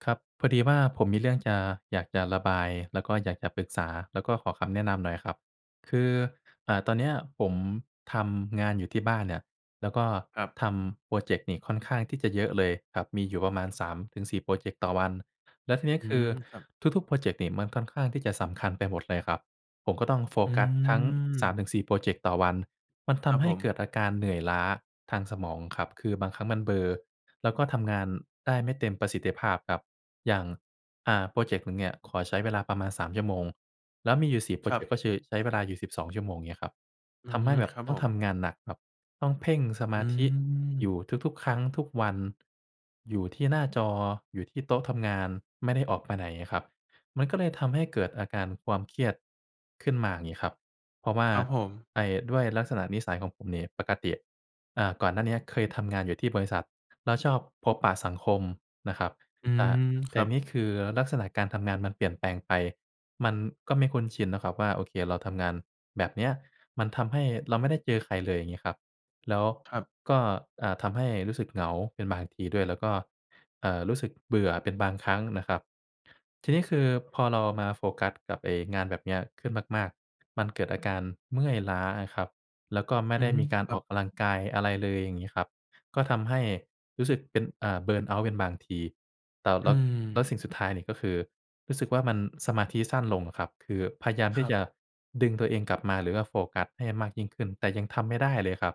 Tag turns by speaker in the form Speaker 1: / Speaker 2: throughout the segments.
Speaker 1: ครับ พอดีว่า ผมมีเรื่องจะ อยากจะระบาย แล้วก็อยากจะปรึกษา แล้วก็ขอคำแนะนำหน่อยครับ คือ อ่า ตอนนี้ผมทำงานอยู่ที่บ้านเนี่ย แล้วก็
Speaker 2: ครับ
Speaker 1: ทำพรอเจกต์นี่ค่อนข้างที่จะเยอะเลยครับ มีอยู่ประมาณ 3-4 พรอเจกต์ต่อวัน แล้วทีนี้
Speaker 2: อื
Speaker 1: คือ
Speaker 2: ม ครับ
Speaker 1: ทุก ๆ พรอเจกต์นี่มันค่อนข้างที่จะสำคัญไปหมดเลยครับ ผมก็ต้องโฟ
Speaker 2: อื
Speaker 1: กัสทั้ง สาม
Speaker 2: ม
Speaker 1: ถึงสี่ พรอเจกต์ต่อวัน มันท
Speaker 2: ครั
Speaker 1: ำ
Speaker 2: บ
Speaker 1: ให
Speaker 2: ผ
Speaker 1: ้เกิ
Speaker 2: ม
Speaker 1: ดอาการเหนื่อยล้าทางสมองครับ คือบางครั้งมันเบลอ แล้วก็ทำงานได้ไม่เต็มประสิทธิภาพครับ อย่าง อ่า พรอเจกต์หนึ่งเนี่ยขอใช้เวลาประมาณ 3 ชั่วโมง แล้วมีอยู่ 4 พรอ
Speaker 2: คร
Speaker 1: เจ
Speaker 2: ับ
Speaker 1: กต์ก็คือ ใช้เวลาอยู่ 12 ชั่วโมงเงี้ยครับ
Speaker 2: อื
Speaker 1: ท
Speaker 2: อฮ
Speaker 1: ำให
Speaker 2: ึ
Speaker 1: ้แบ
Speaker 2: ค
Speaker 1: บ
Speaker 2: รับ
Speaker 1: ต้
Speaker 2: ผ
Speaker 1: อง
Speaker 2: ม
Speaker 1: ทำงานหนัก แบบต้องเพ่งสม
Speaker 2: อื
Speaker 1: าธิอย
Speaker 2: ม
Speaker 1: ู่ทุก ๆ ครั้ง ทุกวัน อยู่ที่หน้าจอ อยู่ที่โต๊ะทำงาน ไม่ได้ออกไปไหนอะครับ มันก็เลยทำให้เกิดอาการความเครียดขึ้นมางี้ครับ เพราะว่า
Speaker 2: ครับผม
Speaker 1: ไอ้ด้วยลักษณะนิสัยของผมนี่ ปกติ อ่า ก่อนหน้าเนี้ยเคยทำงานอยู่ที่บริษัท แล้วชอบพบปะสังคมนะครับ
Speaker 2: อื
Speaker 1: อ่า
Speaker 2: ม
Speaker 1: แต
Speaker 2: ค
Speaker 1: ่
Speaker 2: รับ
Speaker 1: นี่คือลักษณะการทำงานมันเปลี่ยนแปลงไป มันก็ไม่คุ้นชินนะครับว่า โอเคเราทำงานแบบเนี้ย มันทำให้เราไม่ได้เจอใครเลย อย่างงี้ครับ แล้ว
Speaker 2: ครับ
Speaker 1: ก็ อา ทำให้รู้สึกเหงาเป็นบางทีด้วย แล้วก็ เอ่อ รู้สึกเบื่อเป็นบางครั้งนะครับ ที่นี้คือพอเราอะมาโฟกัสกับไอ้งานแบบเนี้ยขึ้นมาก ๆ มันเกิดอาการเมื่อยล้าอะครับ แล้วก็ไม่
Speaker 2: อื
Speaker 1: ได
Speaker 2: อ
Speaker 1: ้
Speaker 2: ฮึ
Speaker 1: มีการ
Speaker 2: คร
Speaker 1: อ
Speaker 2: ั
Speaker 1: อก
Speaker 2: บ
Speaker 1: กำลังกาย อะไรเลย อย่างงี้ครับ ก็ทำให้รู้สึกเป็น อ่า เบิร์นเอาต์ เป็นบางที แต่
Speaker 2: อ
Speaker 1: แ
Speaker 2: ื
Speaker 1: ล้ว แล้
Speaker 2: ม
Speaker 1: วสิ่งสุดท้ายนี่ ก็คือรู้สึกว่ามันสมาธิสั้นลงอะครับ คือพยายามท
Speaker 2: ค
Speaker 1: ี่
Speaker 2: รั
Speaker 1: จ
Speaker 2: บ
Speaker 1: ะดึงตัวเองกลับมา หรือว่าโฟกัสให้มากยิ่งขึ้น แต่ยังทำไม่ได้เลยครับ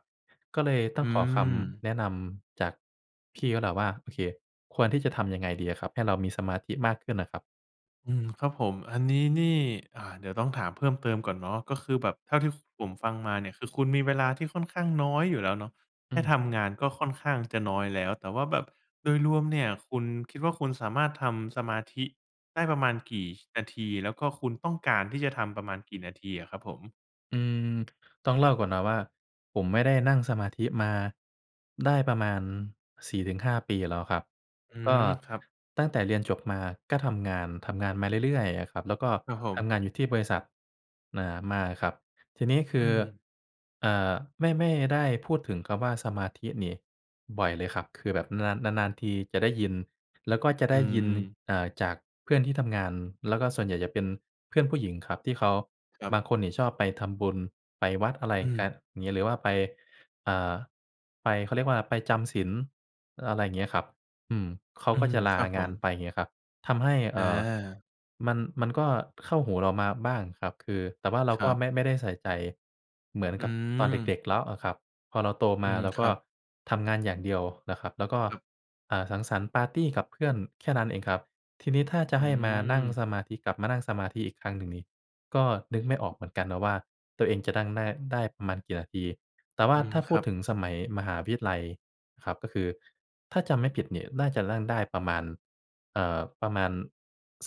Speaker 1: ก็เลยต้
Speaker 2: อ
Speaker 1: อ
Speaker 2: ื
Speaker 1: งขอคำ
Speaker 2: ม
Speaker 1: แนะนำจากพี่แล้วแหละว่า โอเค ควรที่จะทำยังไงดีอะครับให้เรามีสมาธิมากขึ้นอะครับ?
Speaker 2: อืม ครับผม อันนี้นี่ อ่า เดี๋ยวต้องถามเพิ่มเติมก่อนเนาะ ก็คือแบบเท่า ฟ ที่ผมฟังมาเนี่ย คือคุณมีเวลาที่ค่อนข้างน้อยอยู่แล้วเนาะ แ
Speaker 1: อ
Speaker 2: ค
Speaker 1: ื
Speaker 2: ่
Speaker 1: ม
Speaker 2: ทำงานก็ค่อนข้างจะน้อยแล้ว แต่ว่าแบบโดยรวมเนี่ย คุณคิดว่าคุณสามารถทำสมาธิได้ประมาณกี่ ช นาที? แล้วก็คุณต้องการที่จะทำประมาณกี่นาทีอะครับผม?
Speaker 1: อืม ต้องเล่าก่อนนะว่า ผมไม่ได้นั่งสมาธิมาได้ประมาณ 4 ถึง 5 ปีแล้วครับ
Speaker 2: อื
Speaker 1: ก็
Speaker 2: ม ครับ
Speaker 1: ตั้งแต่เรียนจบมาก็ทำงาน ทำงานมาเรื่อย ๆ อะครับ แล้วก็
Speaker 2: ครับผ
Speaker 1: ท
Speaker 2: ม
Speaker 1: ำงานอยู่ที่บริษัท เอ่อ มาครับ ทีนี้ค
Speaker 2: อ
Speaker 1: ื
Speaker 2: ื
Speaker 1: อ
Speaker 2: ม
Speaker 1: เอ่อ ไม่ ไม่ได้พูดถึงกับว่า สมาธินี่บ่อยเลยครับ คือแบบนาน นาน ๆ ทีจะได้ยิน แล้วก็จะไ
Speaker 2: อ
Speaker 1: ด
Speaker 2: ื
Speaker 1: ้ยิน
Speaker 2: ม
Speaker 1: เอ่อ จากเพื่อนที่ทำงาน แล้วก็ส่วนใหญ่จะเป็นเพื่อนผู้หญิงครับ ที่เขา
Speaker 2: คร
Speaker 1: บ
Speaker 2: ับ
Speaker 1: างคนนี่ชอบไปทำบุญไปวัด อะไร
Speaker 2: อื
Speaker 1: กัน
Speaker 2: ม
Speaker 1: งี้ หรือว่าไป อ่า ไปเขาเรียกว่าไปจำศีล อะไรเงี้ยครับ อืม เขา
Speaker 2: อื
Speaker 1: ก็
Speaker 2: ม
Speaker 1: จะล
Speaker 2: ค
Speaker 1: า
Speaker 2: รับผ
Speaker 1: งาน
Speaker 2: ม
Speaker 1: ไปเงี้ยครับ ทำให้ เอ่อ
Speaker 2: อา
Speaker 1: มัน มันก็เข้าหูเรามาบ้างครับ คือ แต่ว่าเรา
Speaker 2: ค
Speaker 1: ก
Speaker 2: ร
Speaker 1: ็
Speaker 2: ับ
Speaker 1: ไม่ ไม่ได้ใส่ใจเหมือน
Speaker 2: อื
Speaker 1: กับตอนเด
Speaker 2: ม
Speaker 1: ็ก ๆ แล้วอะครับ พอเราโต
Speaker 2: อ
Speaker 1: ม
Speaker 2: ื
Speaker 1: า
Speaker 2: ม
Speaker 1: เรา
Speaker 2: ค
Speaker 1: ก
Speaker 2: ร
Speaker 1: ็
Speaker 2: ับ
Speaker 1: ทำงานอย่างเดียวนะครับ แล้วก็
Speaker 2: ครับ
Speaker 1: อ่า สังสรรค์ปาร์ตีกับเพื่อนแค่นั้นเองครับ ทีนี้ถ้าจะ
Speaker 2: อื
Speaker 1: ให้มานั่ง
Speaker 2: ม
Speaker 1: สมาธิ กลับมานั่งสมาธิอีกครั้งหนึ่งนี่ ก็นึกไม่ออกเหมือนกันนะว่าตัวเองจะนั่งได้ ได้ประมาณกี่นาที แต่ว่
Speaker 2: อ
Speaker 1: า
Speaker 2: ืม
Speaker 1: ถ้าพ
Speaker 2: ค
Speaker 1: ู
Speaker 2: ร
Speaker 1: ด
Speaker 2: ับ
Speaker 1: ถึงสมัยมหาวิทยาลัยครับ ก็คือถ้าจำไม่ผิดนี่น่าจะนั่งได้ประมาณ เอ่อ ประมาณ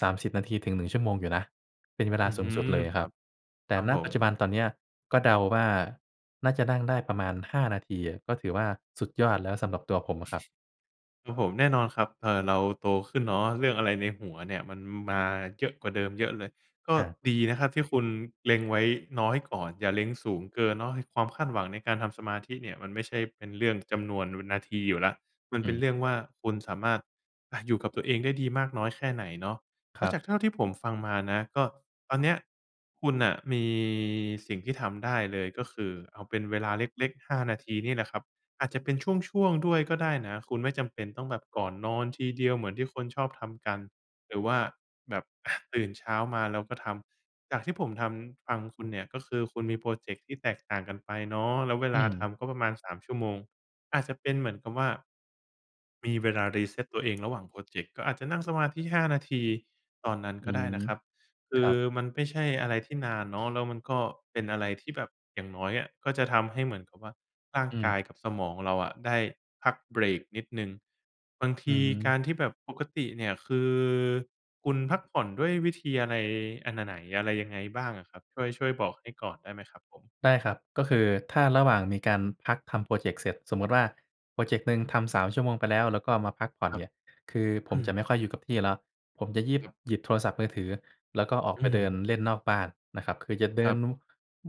Speaker 1: 30 นาทีถึง 1 ชั่วโมงอยู่นะ เป็นเวล
Speaker 2: อ
Speaker 1: า
Speaker 2: ื้อ
Speaker 1: สู
Speaker 2: ฮ
Speaker 1: ง
Speaker 2: ื
Speaker 1: สุด
Speaker 2: อ
Speaker 1: เลย
Speaker 2: ค
Speaker 1: คร
Speaker 2: ร
Speaker 1: ั
Speaker 2: ั
Speaker 1: บ
Speaker 2: บ
Speaker 1: แต
Speaker 2: ค
Speaker 1: ่
Speaker 2: รับ
Speaker 1: ณ
Speaker 2: ผ
Speaker 1: ปัจจุ
Speaker 2: ม
Speaker 1: บันตอนเนี้ยก็เดาว่าน่าจะนั่งได้ประมาณ 5 นาทีอะ ก็ถือว่าสุดยอดแล้วสำหรับตัวผมอะครับ
Speaker 2: ครับผม แน่นอนครับ เอ่อ เราโตขึ้นเนาะ เรื่องอะไรในหัวเนี่ยมันมาเยอะกว่าเดิมเยอะเลย ก็
Speaker 1: อะ
Speaker 2: ดีนะครับที่คุณเล็งไว้น้อยก่อน อย่าเล็งสูงเกินเนาะ ให้ความคาดหวังในการทำสมาธิเนี่ยมันไม่ใช่เป็นเรื่องจำนวน ว นาทีอยู่แล้ว มัน
Speaker 1: อ
Speaker 2: เป
Speaker 1: ื
Speaker 2: ็น
Speaker 1: ม
Speaker 2: เรื่องว่าคุณสามารถ อะ อยู่กับตัวเองได้ดีมากน้อยแค่ไหนเนาะ เ
Speaker 1: ค
Speaker 2: พรา
Speaker 1: รั
Speaker 2: ะ
Speaker 1: บ
Speaker 2: จากเท่าที่ผมฟังมานะ ก็ตอนเนี้ยคุณน่ะมีสิ่งที่ทำได้เลย ก็คือเอาเป็นเวลาเล็ก ๆ 5 นาทีนี่แหละครับ อาจจะเป็นช่วง ๆ ด้วยก็ได้นะ คุณไม่จำเป็นต้องแบบก่อนนอนทีเดียวเหมือนที่คนชอบทำกัน หรือว่าแบบ อะ ตื่นเช้ามาแล้วก็ทำ จากที่ผมทำ ฟังคุณเนี่ย ก็คือคุณมีโพรเจกต์ที่แตกต่างกันไปเนาะ แล้วเว
Speaker 1: อื
Speaker 2: ลา
Speaker 1: ม
Speaker 2: ทำก็ประมาณ 3 ชั่วโมง อาจจะเป็นเหมือนกับว่า มีเวลา reset ตัวเองระหว่างโพรเจกต์ ก็อาจจะนั่งสมาธิ 5 นาทีตอนนั้น
Speaker 1: อื
Speaker 2: ก็ได้
Speaker 1: ม
Speaker 2: นะครับ ค
Speaker 1: ค
Speaker 2: ื
Speaker 1: ร
Speaker 2: อ
Speaker 1: ับ
Speaker 2: มันไม่ใช่อะไรที่นานเนาะ แล้วมันก็เป็นอะไรที่แบบอย่างน้อยอะ ก็จะทำให้เหมือนกับว่า ร่าง
Speaker 1: อื
Speaker 2: ก
Speaker 1: ม
Speaker 2: ายกับสมองเราอะได้พักเบรกนิดหนึ่ง บางท
Speaker 1: อื
Speaker 2: ีก
Speaker 1: ม
Speaker 2: ารที่แบบ ปกติเนี่ย คือคุณพักผ่อนด้วยวิธีอะไร? อันไหน ไหน? อะไร? ยังไงบ้างอะครับ? ช่วย ช่วยบอกให้ก่อนได้ไหมครับผม?
Speaker 1: ได้ครับ ก็คือถ้าระหว่างมีการพักทำโพรเจกต์เสร็จ สมมุติว่าโพรเจกต์หนึ่งทำ 3 ชั่วโมงไปแล้ว แล้วก็มาพักผ่อน
Speaker 2: ครั
Speaker 1: เน
Speaker 2: บ
Speaker 1: ี่ย คือผ
Speaker 2: อ
Speaker 1: ม
Speaker 2: ื
Speaker 1: จ
Speaker 2: ม
Speaker 1: ะไม่ค่อยอยู่กับที่แล้ว ผมจะยิบ
Speaker 2: ครับ
Speaker 1: หยิบโทรศัพท์มือถือ แล้วก็ออก
Speaker 2: อื
Speaker 1: ไปเดิน
Speaker 2: ม
Speaker 1: เล่นนอกบ้านนะครับ คือจะเด
Speaker 2: ค
Speaker 1: ิ
Speaker 2: รั
Speaker 1: น
Speaker 2: บ
Speaker 1: ว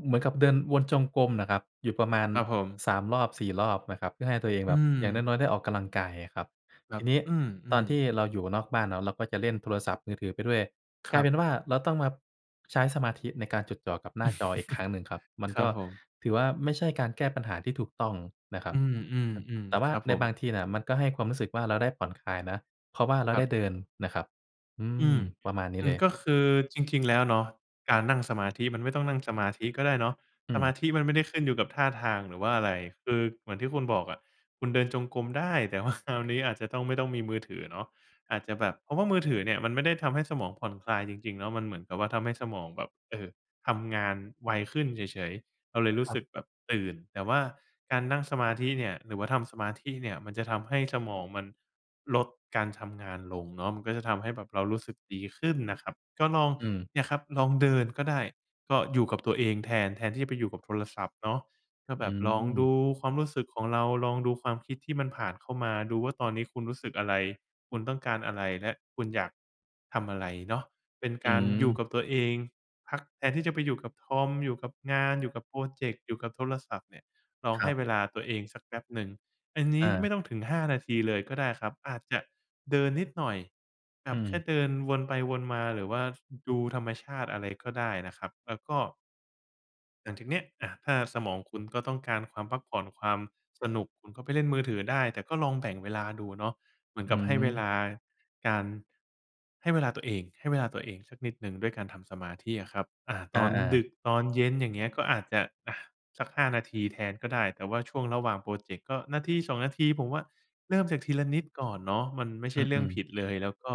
Speaker 1: เหมือนกับเดินวนจงกรมน่ะครับ อยู่ประมาณ
Speaker 2: ครับผม
Speaker 1: 3 รอบ 4 รอบนะครับ เพื่อให้ตัวเอง
Speaker 2: อ
Speaker 1: แ
Speaker 2: ื
Speaker 1: บบอย่างน
Speaker 2: ม
Speaker 1: ้อย ๆ ได้ออกกำลังกาย ครับ
Speaker 2: คร
Speaker 1: ท
Speaker 2: ั
Speaker 1: ี
Speaker 2: บ
Speaker 1: นี้
Speaker 2: อื
Speaker 1: ตอน
Speaker 2: ม
Speaker 1: ท
Speaker 2: ๆ
Speaker 1: ี่เราอยู่นอกบ้านเนาะ เราก็จะเล่นโทรศัพท์มือถือไปด้วย
Speaker 2: ค
Speaker 1: กล
Speaker 2: ร
Speaker 1: า
Speaker 2: ั
Speaker 1: ยเ
Speaker 2: บ
Speaker 1: ป็นว่า เราต้องมาใช้สมาธิในการจดจ่อกับหน้าจออีกครั้งหนึ่งครับ มัน
Speaker 2: คร
Speaker 1: ก
Speaker 2: ับ
Speaker 1: ็
Speaker 2: ผม
Speaker 1: ถือว่า ไม่ใช่การแก้ปัญหาที่ถูกต้องนะครั
Speaker 2: อ
Speaker 1: บ
Speaker 2: ื
Speaker 1: อ
Speaker 2: ม
Speaker 1: แต
Speaker 2: ๆ
Speaker 1: ่ว
Speaker 2: ๆ ค
Speaker 1: ่า
Speaker 2: รับ
Speaker 1: ใ
Speaker 2: ผ
Speaker 1: น
Speaker 2: ม
Speaker 1: บางทีน่ะมันก็ให้ความรู้สึกว่าเราได้ผ่อนคลายนะ เพราะว่าเรา
Speaker 2: คร
Speaker 1: ไ
Speaker 2: ั
Speaker 1: ด้
Speaker 2: บ
Speaker 1: เดินนะครับ อื
Speaker 2: อื
Speaker 1: ม
Speaker 2: ม
Speaker 1: ประมาณนี
Speaker 2: อ
Speaker 1: ้
Speaker 2: ื
Speaker 1: เ
Speaker 2: ม
Speaker 1: ลย
Speaker 2: ก็คือจริง ๆ แล้วเนาะ การนั่งสมาธิมันไม่ต้องนั่งสมาธิก็ได้เนาะ
Speaker 1: อ
Speaker 2: ส
Speaker 1: ื
Speaker 2: มา
Speaker 1: ม
Speaker 2: ธิมันไม่ได้ขึ้นอยู่กับท่าทาง หรือว่าอะไร คือเหมือนที่คุณบอกอะ คุณเดินจงกรมได้ แต่ ว่า คราวนี้อาจจะต้อง ไม่ต้องมีมือถือเนาะ อาจจะแบบ เพราะว่ามือถือเนี่ยมันไม่ได้ทำให้สมองผ่อนคลายจริง ๆ แล้วมันเหมือนกับว่าทำให้สมองแบบ เอ่อ ทำงานไวขึ้นเฉย ๆ เราเลยรู
Speaker 1: ค
Speaker 2: ้
Speaker 1: รั
Speaker 2: สึ
Speaker 1: บ
Speaker 2: กแบบตื่น แต่ว่าการนั่งสมาธิเนี่ย หรือว่าทำสมาธิเนี่ย มันจะทำให้สมองมันลดการทำงานลงเนาะ มันก็จะทำให้แบบเรารู้สึกดีขึ้นนะครับ ก็ลอง
Speaker 1: อืม
Speaker 2: เนี่ยครับ ลองเดินก็ได้ ก็อยู่กับตัวเองแทน แทนที่จะไปอยู่กับโทรศัพท์เนาะ ก็
Speaker 1: อื
Speaker 2: แบบลองดู
Speaker 1: ม
Speaker 2: ความรู้สึกของเรา ลองดูความคิดที่มันผ่านเข้ามา ดูว่าตอนนี้คุณรู้สึกอะไร คุณต้องการอะไร และคุณอยากทำอะไรเนาะ? เป็น
Speaker 1: อื
Speaker 2: การอยู
Speaker 1: ม
Speaker 2: ่กับตัวเองพักแทนที่จะไปอยู่กับคอม อยู่กับงาน อยู่กับโพรเจกต์ อยู่กับโทรศัพท์เนี่ย ลอง
Speaker 1: คร
Speaker 2: ให
Speaker 1: ั
Speaker 2: ้
Speaker 1: บ
Speaker 2: เวลาตัวเองสักแป๊บหนึ่ง อันนี
Speaker 1: อ
Speaker 2: ้ไม่
Speaker 1: า
Speaker 2: ต้องถึง 5 นาทีเลยก็ได้ครับ อาจจะเดินนิดหน่อย แบ
Speaker 1: อื
Speaker 2: บแค่
Speaker 1: ม
Speaker 2: เดินวนไปวนมา หรือว่า ฟ ดูธรรมชาติอะไรก็ได้นะครับ แล้วก็ หลังจากเนี้ย อา ถ้าสมองคุณก็ต้องการความพักผ่อน ความสนุก คุณก็ไปเล่นมือถือได้ แต่ก็ลองแบ่งเวลาดูเนาะ เหมือ
Speaker 1: อ
Speaker 2: น
Speaker 1: ื
Speaker 2: กับให้เวล
Speaker 1: ม
Speaker 2: าการ ให้เวลาตัวเอง ให้เวลาตัวเองสักนิดหนึ่งด้วยการทำสมาธิอะครับ อา
Speaker 1: อ
Speaker 2: ตอน
Speaker 1: า
Speaker 2: ด
Speaker 1: ๆ
Speaker 2: ึก ตอนเย็น อย่างเงี้ย ก็อาจจะ อา สัก 5 นาทีแทนก็ได้ แต่ว่าช่วงระหว่างโพรเจ็กต์ก็นาที 2 นาที ผมว่าเริ่มจากทีละนิดก่อนเนาะ มันไม่ใ
Speaker 1: อ
Speaker 2: ช่เรื่อ
Speaker 1: ื
Speaker 2: ง
Speaker 1: อ
Speaker 2: ผ
Speaker 1: ๆ
Speaker 2: ิดเลย แล้วก็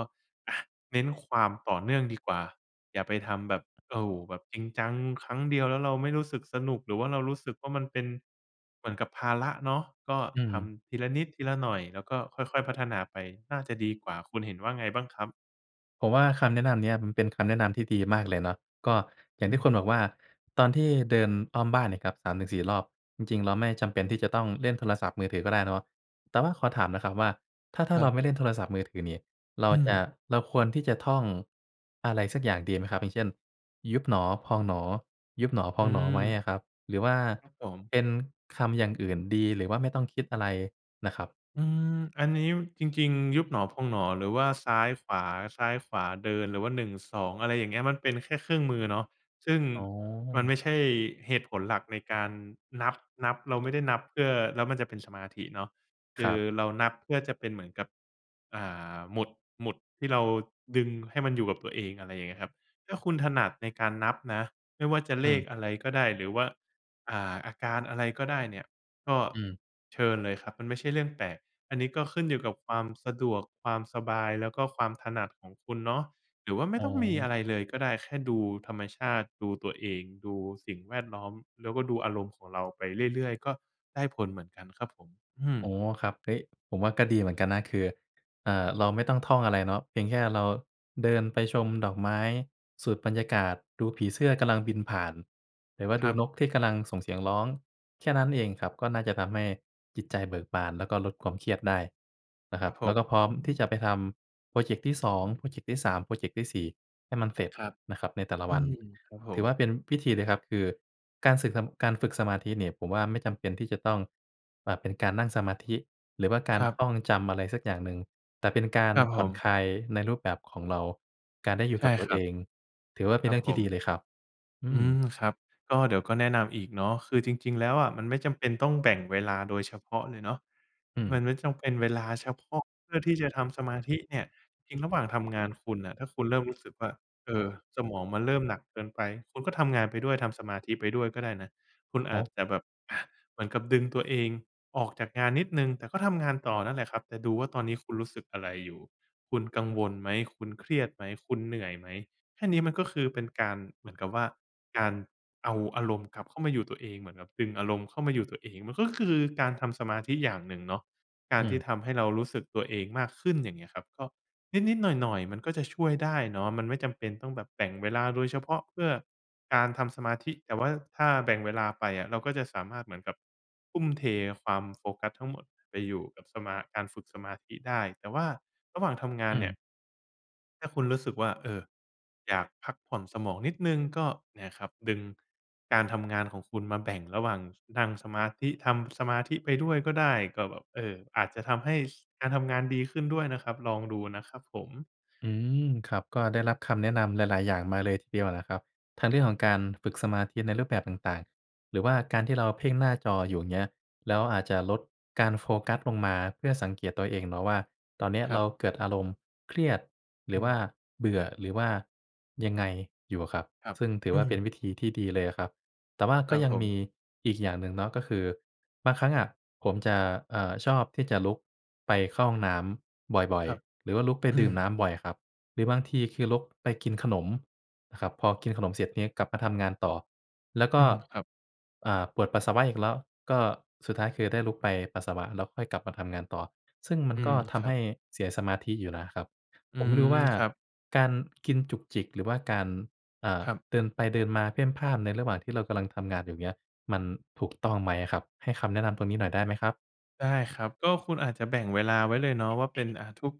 Speaker 2: อา เน้นความต่อเนื่องดีกว่า อย่าไปทำแบบ โอ้โฮ แบบจริงจังครั้งเดียวแล้วเราไม่รู้สึกสนุก หรือว่าเรารู้สึกว่ามันเป็นเหมือนกับภาระเนาะ ก็
Speaker 1: อื
Speaker 2: ท
Speaker 1: ม
Speaker 2: ำทีละนิดทีละหน่อย แล้วก็ค่อย ๆ พัฒนาไปน่าจะดีกว่า คุณเห็นว่าไงบ้างครับ?
Speaker 1: ผมว่าคำแนะนำเนี่ยมันเป็นคำแนะนำที่ดีมากเลยเนาะ ก็อย่าง
Speaker 2: อ
Speaker 1: ที
Speaker 2: ื
Speaker 1: ่ค
Speaker 2: ม
Speaker 1: ุณบอกว่า ตอนที่เดินอ้อมบ้านเนี่ยครับ 3-4 รอบ จริง ๆ เราไม่จำเป็นที่จะต้องเล่นโทรศัพท์มือถือก็ได้เนาะ แต่ว่าขอถามหน่อยครับว่า ถ้า ถ้
Speaker 2: ค
Speaker 1: า
Speaker 2: ร
Speaker 1: เ
Speaker 2: ั
Speaker 1: รา
Speaker 2: บ
Speaker 1: ไม่เล่นโทรศัพท์มือถือนี่ เรา
Speaker 2: อื
Speaker 1: จะ
Speaker 2: ม
Speaker 1: เราควรที่จะท่องอะไรสักอย่างดีไหมครับ อย่างเช่น ยุบหนอพองหนอ ยุบหนอพ
Speaker 2: อ
Speaker 1: อ
Speaker 2: ื
Speaker 1: งหนอ
Speaker 2: ม
Speaker 1: ไหมอะครับ หรือว่า
Speaker 2: ครับผม
Speaker 1: เป็นคำอย่างอื่นดี หรือว่าไม่ต้องคิดอะไรน่ะครับ?
Speaker 2: อืม อันนี้ ม จริง ๆ ยุบหนอ พองหนอ หรือว่าซ้ายขวา ซ้ายขวา เดิน หรือว่า 12 อะไรอย่างเงี้ย มันเป็นแค่เครื่องมือเนาะ ซึ่ง
Speaker 1: อ๋อ
Speaker 2: มันไม่ใช่เหตุผลหลักในการนับ นับ เราไม่ได้นับเพื่อ แล้วมันจะเป็นสมาธิเนาะ ค
Speaker 1: ค
Speaker 2: ื
Speaker 1: ร
Speaker 2: อ
Speaker 1: ับ
Speaker 2: เรานับเพื่อจะเป็นเหมือนกับ อ่า หมุด หมุดที่เราดึงให้มันอยู่กับตัวเอง อะไรอย่างเงี้ยครับ ถ้าคุณถนัดในการนับนะ ไม่ว่าจะ
Speaker 1: อื
Speaker 2: เลข
Speaker 1: ม
Speaker 2: อะไรก็ได้ หรือว่า อ่า อาการอะไรก็ได้เนี่ย ก็
Speaker 1: อืม
Speaker 2: เชิญเลยครับ มันไม่ใช่เรื่องแปลก อันนี้ก็ขึ้นอยู่กับความสะดวก ความสบาย แล้วก็ความถนัดของคุณเนาะ หรือว่าไม่
Speaker 1: อ๋
Speaker 2: ต้องมี
Speaker 1: อ
Speaker 2: อะไรเลยก็ได้ แค่ดูธรรมชาติ ดูตัวเอง ดูสิ่งแวดล้อม แล้วก็ดูอารมณ์ของเราไปเรื่อย ๆ ก็ได้ผลเหมือนกันครับผม อืม
Speaker 1: อ๋อ ครับ เฮ้ย ผมว่าก็ดีเหมือนกันนะ คือ อ่า เราไม่ต้องท่องอะไรเนาะ เพียงแค่เราเดินไปชมดอกไม้ สูดบรรยากาศ ดูผีเสื้อกำลังบินผ่าน หรือว่า
Speaker 2: ค
Speaker 1: ดู
Speaker 2: รับ
Speaker 1: นกที่กำลังส่งเสียงร้อง แค่นั้นเองครับ ก็น่าจะทำให้จิตใจเบิกบาน แล้วก็ลดความเครียดได้นะค
Speaker 2: ค
Speaker 1: รั
Speaker 2: รั
Speaker 1: บ
Speaker 2: บผ
Speaker 1: แล้ว
Speaker 2: ม
Speaker 1: ก็พร้อมที่จ
Speaker 2: อื
Speaker 1: ะ
Speaker 2: อ
Speaker 1: ไปทำโพรเจ็กต์ที่ 2 โพรเจ็กที่ 3 โพรเจ็กที่ 4 ให้มันเสร็จ
Speaker 2: ครับ
Speaker 1: นะครับในแต่ละ
Speaker 2: อื
Speaker 1: วัน
Speaker 2: ม ครับผ
Speaker 1: ถือ
Speaker 2: ม
Speaker 1: ว่าเป็นพิธีเลยครับ คือการสึกนำ การฝึกสมาธินี่ ผมว่าไม่จำเป็นที่จะต้องแบบเป็นการนั่งสมาธิหรือว่ากา
Speaker 2: ค
Speaker 1: ร
Speaker 2: รับ
Speaker 1: ท่องจำ อะไรสักอย่างหนึ่ง แต่เป็นการ
Speaker 2: ครับ
Speaker 1: ผ
Speaker 2: ผ
Speaker 1: ่อน
Speaker 2: ม
Speaker 1: คลายในรูปแบบของเรา การได้อยู
Speaker 2: ใ
Speaker 1: ่
Speaker 2: ช
Speaker 1: ก
Speaker 2: ่
Speaker 1: ับตั
Speaker 2: ค
Speaker 1: ว
Speaker 2: ร
Speaker 1: เ
Speaker 2: ั
Speaker 1: อ
Speaker 2: บ
Speaker 1: ง ถือว่าเป็
Speaker 2: ค
Speaker 1: นเ
Speaker 2: ร
Speaker 1: ร
Speaker 2: ั
Speaker 1: ื
Speaker 2: บ
Speaker 1: ่องท
Speaker 2: ผ
Speaker 1: ี่ดี
Speaker 2: ม
Speaker 1: เลยครับ อื
Speaker 2: อืม
Speaker 1: ม
Speaker 2: ครับ ก็เดี๋ยวก็แนะนำอีกเนาะ คือจริง ๆ แล้วอะ มันไม่จำเป็นต้องแบ่งเวลาโดยเฉพาะเลยเนาะ
Speaker 1: อื
Speaker 2: ม
Speaker 1: ม
Speaker 2: ันไม่จำเป็น เวลาเฉพาะเพื่อที่จะทำสมาธิเนี่ย จริงระหว่างทำงานคุณน่ะ ถ้าคุณเริ่มรู้สึกว่า เออ สมองมันเริ่มหนักเกินไป คุณก็ทำงานไปด้วย ทำสมาธิไปด้วยก็ได้นะ คุณ
Speaker 1: โ
Speaker 2: อ
Speaker 1: อ
Speaker 2: าจ
Speaker 1: ้
Speaker 2: จะแบบ อา เหมือนกับดึงตัวเองออกจากงานนิดหนึ่ง แต่ก็ทำงานต่อนั่นแหละครับ แต่ดูว่าตอนนี้คุณรู้สึกอะไรอยู่ คุณกังวลไหม คุณเครียดไหม คุณเหนื่อยไหม แค่นี้มันก็คือเป็นการ เหมือนกับว่า การเอาอารมณ์กลับเข้ามาอยู่ตัวเอง เหมือนกับดึงอารมณ์เข้ามาอยู่ตัวเอง มันก็คือการทำสมาธิอย่างหนึ่งเนาะ กา
Speaker 1: อื
Speaker 2: รท
Speaker 1: ม
Speaker 2: ี่ทำให้เรารู้สึกตัวเองมากขึ้น อย่างเงี้ยครับ ก็นิด ๆ หน่อย ๆ มันก็จะช่วยได้เนาะ มันไม่จำเป็นต้องแบบแบ่งเวลาโดยเฉพาะเพื่อการทำสมาธิ แต่ว่าถ้าแบ่งเวลาไปอะ เราก็จะสามารถเหมือนกับทุ่มเทความโฟกัสทั้งหมดไปอยู่กับสมา การฝึกสมาธิได้ แต่ว่าระหว่างทำงา
Speaker 1: อ
Speaker 2: น
Speaker 1: ื
Speaker 2: เนี่ย
Speaker 1: ม
Speaker 2: ถ้าคุณรู้สึกว่า เออ อยากพักผ่อนสมองนิดหนึ่ง ก็เนี่ยครับ ดึงการทำงานของคุณ มาแบ่งระหว่างนั่งสมาธิ ทำสมาธิไปด้วยก็ได้ ก็แบบ เออ อาจจะทำให้ ส การทำงานดีขึ้นด้วยนะครับ ลองดูนะครับผม
Speaker 1: อืม ครับ ก็ได้รับคำแนะนำหลาย ๆ อย่างมาเลยทีเดียวแหละครับ ทั้งเรื่องของการฝึกสมาธิในรูปแบบต่าง ๆ หรือว่าการที่เราอะเพ่งหน้าจออยู่ อย่างเงี้ย แล้วอาจจะลดการโฟกัสลงมา เพื่อสังเกตตัวเองเนาะว่า ตอนเนี้ย
Speaker 2: คร
Speaker 1: เร
Speaker 2: ั
Speaker 1: า
Speaker 2: บ
Speaker 1: เกิดอารมณ์เครียด ห
Speaker 2: อ
Speaker 1: รื
Speaker 2: ื
Speaker 1: อว่า
Speaker 2: ม
Speaker 1: เบื่อ หรือว่ายังไงอยู่อะครับ
Speaker 2: ครับ
Speaker 1: ซึ่งถือ
Speaker 2: อ
Speaker 1: ว่
Speaker 2: ื
Speaker 1: าเป็นว
Speaker 2: ม
Speaker 1: ิธีที่ดีเลยอะครับ แต่ว่า
Speaker 2: ค
Speaker 1: ก
Speaker 2: ร
Speaker 1: ็
Speaker 2: ับ
Speaker 1: ยั
Speaker 2: ผ
Speaker 1: งมี
Speaker 2: ม
Speaker 1: อีกอย่างหนึ่งเนาะ ก็คือบางครั้งอะ ผมจะ เอ่อ ชอบที่จะลุกไปเข้าห้องน้ำบ่อ
Speaker 2: ค
Speaker 1: ย
Speaker 2: รับ
Speaker 1: ๆ หรือว่าลุกไป
Speaker 2: อื
Speaker 1: ดื่
Speaker 2: ม
Speaker 1: มน้ำบ่อยครับ หรือบางทีคือลุกไปกินขนมนะครับ พอกินขนมเสร็จนี้ กลับมาทำงานต่อ แล้วก
Speaker 2: อ
Speaker 1: ็
Speaker 2: ืม ครับ
Speaker 1: อ่า ปวดปัสสาวะอีกแล้ว ก็สุดท้าย คือได้ลุกไปปัสสาวะ แล้วค่อยกลับมาทำงานต่อ ซึ่งมั
Speaker 2: อ
Speaker 1: น
Speaker 2: ื
Speaker 1: ก็
Speaker 2: ม
Speaker 1: ท
Speaker 2: ค
Speaker 1: ำ
Speaker 2: ร
Speaker 1: ใ
Speaker 2: ั
Speaker 1: ห
Speaker 2: บ
Speaker 1: ้เสียสมาธิอยู่นะครับ
Speaker 2: อ
Speaker 1: ผ
Speaker 2: ื
Speaker 1: มไม่ร
Speaker 2: ม
Speaker 1: ู้ว่า
Speaker 2: ครับ
Speaker 1: การกินจุกจิก หรือว่าการ อ่า
Speaker 2: ครับ
Speaker 1: เดินไปเดินมาเพ่นพ่าน ในระหว่างที่เรากำลังทำงานอยู่ อย่างเงี้ย มันถูกต้องไหมอะครับ? ให้คำแนะนำตรงนี้หน่อยได้ไหมครับ?
Speaker 2: ได้ครับ ก็คุณอาจจะแบ่งเวลาไว้เลยเนาะว่า เป็น อ่า ทุก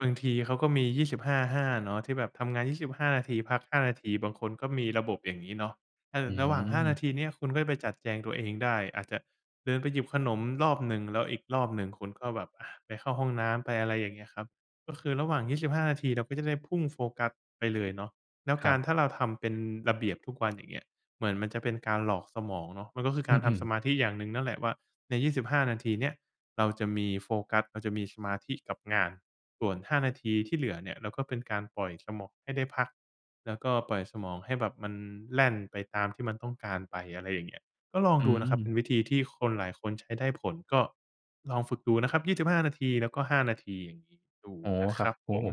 Speaker 2: บางทีเขาก็มี 25:5 เนาะ ที่แบบทำงาน 25 นาที พัก 5 นาที บางคนก็มีระบบ อย่างงี้เนาะ เออ
Speaker 1: อื
Speaker 2: ระหว่าง 5 นา
Speaker 1: ม
Speaker 2: ทีเนี้ย คุณก็จะไปจัดแจงตัวเองได้ อาจจะเดินไปหยิบขนมรอบหนึ่ง แล้วอีกรอบหนึ่ง คุณก็แบบ ไปเข้าห้องน้ำ ไปอะไรอย่างเงี้ยครับ ก็คือระหว่าง 25 นาที เราก็จะได้พุ่งโฟกัสไปเลยเนาะ แล้ว
Speaker 1: ค
Speaker 2: ก
Speaker 1: ร
Speaker 2: าร
Speaker 1: ับ
Speaker 2: ถ้าเราทำเป็นระเบียบทุกวัน อย่างเงี้ย เหมือนมันจะเป็นการหลอกสมองเนาะ มันก็คือ
Speaker 1: อ
Speaker 2: ก
Speaker 1: ื
Speaker 2: ารท
Speaker 1: ม
Speaker 2: ำส
Speaker 1: ๆ
Speaker 2: มาธิอย่างหนึ่งนั่นแหละว่า ใน 25 นาทีเนี้ย เราจะมีโฟกัส เราจะมีสมาธิกับงาน ส่วน 5 นาทีที่เหลือเนี่ย เราก็เป็นการปล่อยสมองให้ได้พัก แล้วก็ปล่อยสมองให้แบบมันแล่นไปตามที่มันต้องการไป อะไรอย่างเงี้ย ก็ลอง
Speaker 1: อื
Speaker 2: ดูนะครับ เป็
Speaker 1: ม
Speaker 2: นวิธีที่คนหลายคนใช้ได้ผล ก็ลองฝึกดูนะครับ 25 นาทีแล้วก็ 5 นาที ลองดู
Speaker 1: อ๋อ
Speaker 2: นะ
Speaker 1: ค
Speaker 2: ค
Speaker 1: รั
Speaker 2: ร
Speaker 1: บ
Speaker 2: ับ
Speaker 1: โอ้
Speaker 2: ผม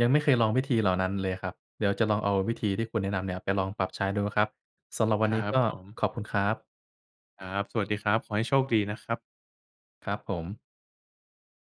Speaker 1: ยังไม่เคยลองวิธีเหล่านั้นเลยครับ เดี๋ยวจะลองเอาวิธีที่คุณแนะนำเนี่ยไปลองปรับใช้ดูนะครับ สำหรับว
Speaker 2: ค
Speaker 1: ันน
Speaker 2: ร
Speaker 1: ี้
Speaker 2: ับ
Speaker 1: ก็
Speaker 2: ผม
Speaker 1: ขอบคุณครับ
Speaker 2: ครับ สวัสดีครับ ขอให้โชคดีนะครับ
Speaker 1: ครับผม